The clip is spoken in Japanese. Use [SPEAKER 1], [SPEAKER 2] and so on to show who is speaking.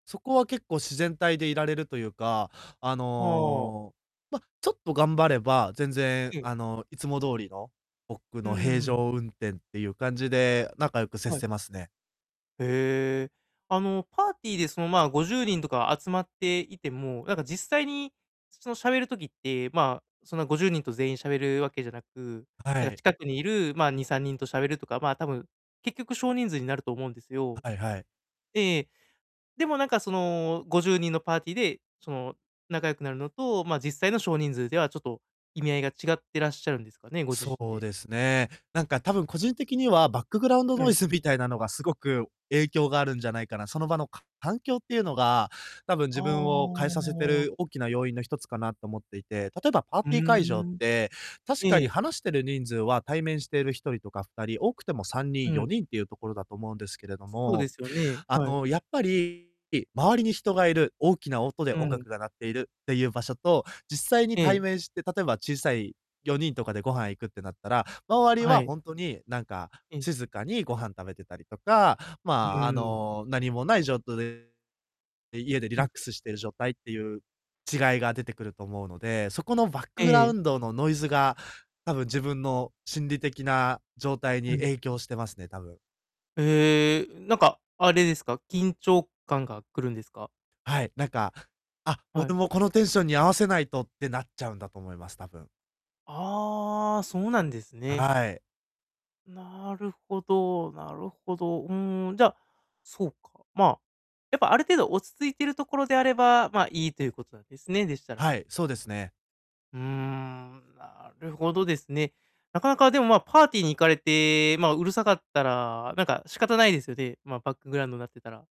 [SPEAKER 1] そこは結構自然体でいられるというか、あ
[SPEAKER 2] ほお。
[SPEAKER 1] の、ま、ちょっと頑張れば、全然、
[SPEAKER 2] ええ。
[SPEAKER 1] あの、いつも通りの、僕
[SPEAKER 2] うう
[SPEAKER 1] の平
[SPEAKER 2] ん。
[SPEAKER 1] 常運転っていう感じで、仲良く接
[SPEAKER 2] はい。
[SPEAKER 1] せますね。
[SPEAKER 2] へえ。あのパーティーでそのま50人とか集まっていても、なんか実際にそそのしゃべる時って、まあ、そんな50人と全員しゃべるわけじゃなく、
[SPEAKER 1] あ、は
[SPEAKER 2] なんか
[SPEAKER 1] い。
[SPEAKER 2] 近くにいるま2、3人としゃべるとか、ま、多分結局少人数になると思うんですよ。
[SPEAKER 1] はいはい。
[SPEAKER 2] ええ。でもなんかその50人のパーティーで、その仲良くなるのと、まあ、実際の少人数ではちょっと意味合いが違ってらっしゃるんですかね、ご自
[SPEAKER 1] そ
[SPEAKER 2] 身
[SPEAKER 1] う
[SPEAKER 2] で。
[SPEAKER 1] ですね。なんかたぶん個人的にはバックグラウンド
[SPEAKER 2] は
[SPEAKER 1] ノイ
[SPEAKER 2] い。
[SPEAKER 1] ズみたいなのがすごく影響があるんじゃないかな、その場のか環境っていうのが、たぶん
[SPEAKER 2] あ
[SPEAKER 1] 自分を変えさせて
[SPEAKER 2] あ。
[SPEAKER 1] る大きな要因の1つかなと思っていて、例えばパー
[SPEAKER 2] う
[SPEAKER 1] ティー会場っ
[SPEAKER 2] ん。
[SPEAKER 1] て、確か
[SPEAKER 2] え
[SPEAKER 1] に
[SPEAKER 2] え。
[SPEAKER 1] 話している人数は対面している一人とか二人多くてもさんに
[SPEAKER 2] う
[SPEAKER 1] ん、よ
[SPEAKER 2] ん。
[SPEAKER 1] にんっていうところだと思うんですけれど
[SPEAKER 2] そうで
[SPEAKER 1] も、
[SPEAKER 2] すよね、
[SPEAKER 1] あ
[SPEAKER 2] はい。
[SPEAKER 1] の、やっぱり、周りに人がいる、大きな音で
[SPEAKER 2] う
[SPEAKER 1] 音
[SPEAKER 2] ん。
[SPEAKER 1] 楽が鳴っているっていう場所と、実際に
[SPEAKER 2] え
[SPEAKER 1] 対
[SPEAKER 2] え。
[SPEAKER 1] 面して、例えば小さい4人とかでご飯行くってなったら、周り
[SPEAKER 2] は
[SPEAKER 1] は
[SPEAKER 2] い。
[SPEAKER 1] 本当になんか
[SPEAKER 2] ええ。
[SPEAKER 1] 静かにご飯食べてたりとか、
[SPEAKER 2] う
[SPEAKER 1] ま、あ
[SPEAKER 2] ーん。
[SPEAKER 1] の、何もないじょうとれで、え、家でリ
[SPEAKER 2] う
[SPEAKER 1] ラッ
[SPEAKER 2] ん。
[SPEAKER 1] クスしている状態っていう違いが出てくると思うので、そこのバック
[SPEAKER 2] え
[SPEAKER 1] グ
[SPEAKER 2] え
[SPEAKER 1] ラウ
[SPEAKER 2] え。
[SPEAKER 1] ンドのノイズが、たぶん自分の心理的な状態
[SPEAKER 2] う
[SPEAKER 1] に
[SPEAKER 2] ん。
[SPEAKER 1] 影響してますね、たぶん。
[SPEAKER 2] へえ、うなんか、あれですか、緊張感がくるんですか？
[SPEAKER 1] はい、なんか、あ、
[SPEAKER 2] はい。
[SPEAKER 1] 俺もこのテンションに合わせないとってなっちゃうんだと思います、多分。
[SPEAKER 2] ああ、そうなんですね。
[SPEAKER 1] はあい。
[SPEAKER 2] なるほどなるほど、うん、じゃあ、そうか、まあ、やっぱある程度落ち着いてるところであれば、まあ、いいということなんですね、でしたら。
[SPEAKER 1] はい、そうですね。
[SPEAKER 2] うん、なるほどですね。なかなかでもまあ、パーティーに行かれて、まあ、うるさかったら、なんか仕方ないですよね。まあ、バックグラウンドんなってたら。